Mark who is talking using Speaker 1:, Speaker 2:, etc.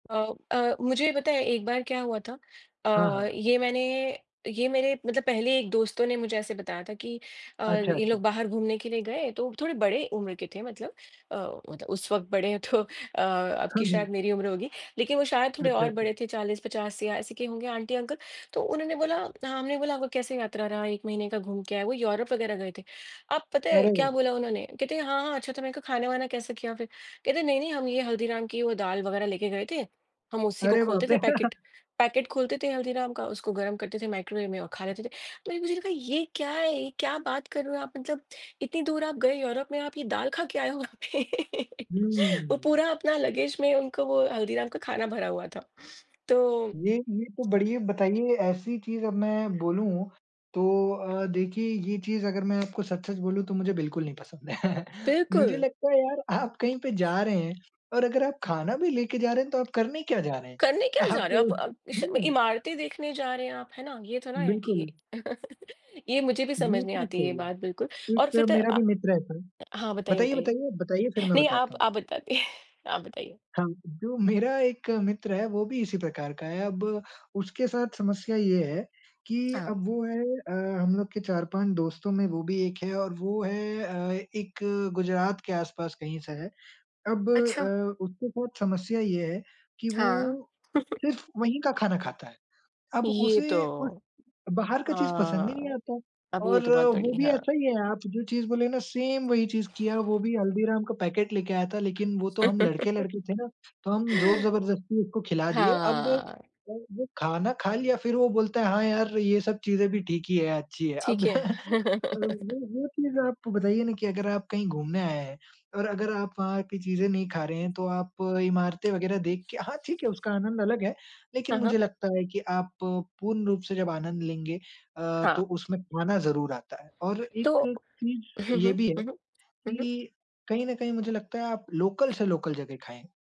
Speaker 1: अ अ, मुझे ये पता है एक बार क्या हुआ था।,
Speaker 2: हाँ,
Speaker 1: अ
Speaker 2: हाँ।
Speaker 1: ये मैंने ये मेरे मतलब पहले एक दोस्तों ने मुझे ऐसे बताया था कि अ,
Speaker 2: अच्छा,
Speaker 1: ये
Speaker 2: अच्छा।
Speaker 1: लोग बाहर घूमने के लिए गए तो थोड़े बड़े उम्र के थे मतलब अ, उत उस वक़्त बड़े तो अ, अब
Speaker 2: हाँ,
Speaker 1: की शायद
Speaker 2: हुँ।
Speaker 1: मेरी उम्र होगी। लेकिन वो शायद थोड़े
Speaker 2: अच्छा,
Speaker 1: और
Speaker 2: अच्छा।
Speaker 1: बड़े थे 40-50 या ऐसे के होंगे आंटी-अंकल। तो उन्होंने बोला हमने बोला आपका कैसे यात्रा रहा, 1 महीने का घूम के आए, वो यूरोप वग़ैरह गए थे। अब पता है
Speaker 2: अरे!
Speaker 1: क्या बोला उन्होंने? कहते हैं हाँ, हाँ, अच्छा था। मैंने कहा खाने-वाने कैसे किया फिर? कहते हैं नहीं, नहीं, हम ये हल्दीराम की वो दाल वग़ैरह लेके गए थे। हम उसी को
Speaker 2: अरे बाप
Speaker 1: खोलते थे
Speaker 2: रे!
Speaker 1: पैकेट पैकेट खोलते थे हल्दीराम का, उसको गर्म करते थे माइक्रोवेव में और खा लेते थे। तो मैने सोचा ये मुझे लगा ये क्या है? ये क्या बात कर रहे हो आप? मतलब इतनी दूर आप गए यूरोप में आप ये दाल खा के आए हो वहाँ पे। वो
Speaker 2: हुँ।
Speaker 1: पूरा अपना लगेज़ में उनको वो हल्दीराम का खाना भरा हुआ था। तो
Speaker 2: ये ये तो बढ़िया बताइए ये ऐसी चीज़ अब मैं बोलूँ तो अ, देखिए ये चीज़ अगर मैं आपको सच-सच बोलूँ तो मुझे बिल्कुल नहीं पसंद है। मुझे
Speaker 1: बिल्कुल।
Speaker 2: लगता है यार आप कहीं पे जा रहे हैं और अगर आप खाना भी लेकर जा रहे हैं तो आप करने क्या जा रहे हैं?
Speaker 1: करने क्या जा
Speaker 2: आप
Speaker 1: रहे हो आप? अप
Speaker 2: हुँ।
Speaker 1: इमारतें देखने जा रहे हैं आप, है ना? ये तो ना है कि
Speaker 2: बिल्कुल।
Speaker 1: ये मुझे भी समझ
Speaker 2: ये
Speaker 1: नहीं
Speaker 2: चीज़
Speaker 1: आती ये
Speaker 2: सही है।
Speaker 1: बात बिल्कुल। और
Speaker 2: एक
Speaker 1: फिर तो
Speaker 2: मेरा
Speaker 1: अ,
Speaker 2: भी मित्र है सर।
Speaker 1: हाँ, बताइए,
Speaker 2: बताइए,
Speaker 1: बताइए?
Speaker 2: बताइए, बताइए, फिर मैं
Speaker 1: नहीं
Speaker 2: बताता
Speaker 1: आप
Speaker 2: हूँ।
Speaker 1: आप बताइए आप बताइए?
Speaker 2: हाँ, जो मेरा एक मित्र है वो भी इसी प्रकार का है। अब उसके साथ समस्या ये है कि
Speaker 1: हाँ।
Speaker 2: अब वो है अ, हम लोग के 4-5 दोस्तों में वो भी एक है और वो है अ, एक गुजरात के आस-पास कहीं से है। अब
Speaker 1: अच्छा।
Speaker 2: अ, उसके साथ समस्या ये है कि
Speaker 1: हाँ।
Speaker 2: वो सिर्फ़ वहीं का खाना खाता है। अब
Speaker 1: ये तो
Speaker 2: उसे उस बाहर का चीज़ पसंद ही नहीं
Speaker 1: हाँ।
Speaker 2: आता
Speaker 1: अब ये
Speaker 2: और
Speaker 1: तो बहुत
Speaker 2: वो
Speaker 1: बड़ी
Speaker 2: भी
Speaker 1: हाँ।
Speaker 2: ऐसा ही है आप जो चीज़ बोले ना सेम वही चीज़ किया। वो भी हल्दीराम का पैकेट लेके आया था लेकिन वो तो हम लड़के-लड़की थे ना तो हम ज़ोर-ज़बरदस्ती उसको खिला दिए। अब
Speaker 1: हाँ।
Speaker 2: वो खाना खा लिया फिर वो बोलता है हाँ यार! ये सब चीजें भी ठीक ही है, अच्छी है। अब
Speaker 1: ठीक है।
Speaker 2: वो वो चीज़ आप बताइए ना कि अगर आप कहीं घूमने आए हैं और अगर आप वहाँ की चीज़ें नहीं खा रहे हैं तो आप इमारतें वग़ैरह देख के हाँ, ठीक है उसका आनंद अलग है लेकिन
Speaker 1: हाँ, हाँ।
Speaker 2: मुझे लगता है कि आप पूर्ण रूप से जब आनंद लेंगे अ,
Speaker 1: हाँ।
Speaker 2: तो उसमें खाना ज़रूर आता है। और
Speaker 1: तो
Speaker 2: एक चीज़
Speaker 1: हुँ, हुँ।
Speaker 2: ये भी है
Speaker 1: हुँ, हुँ। हुँ, हुँ।
Speaker 2: कि कहीं न कहीं मुझे लगता है आप लोकल से लोकल जगह खाएँ।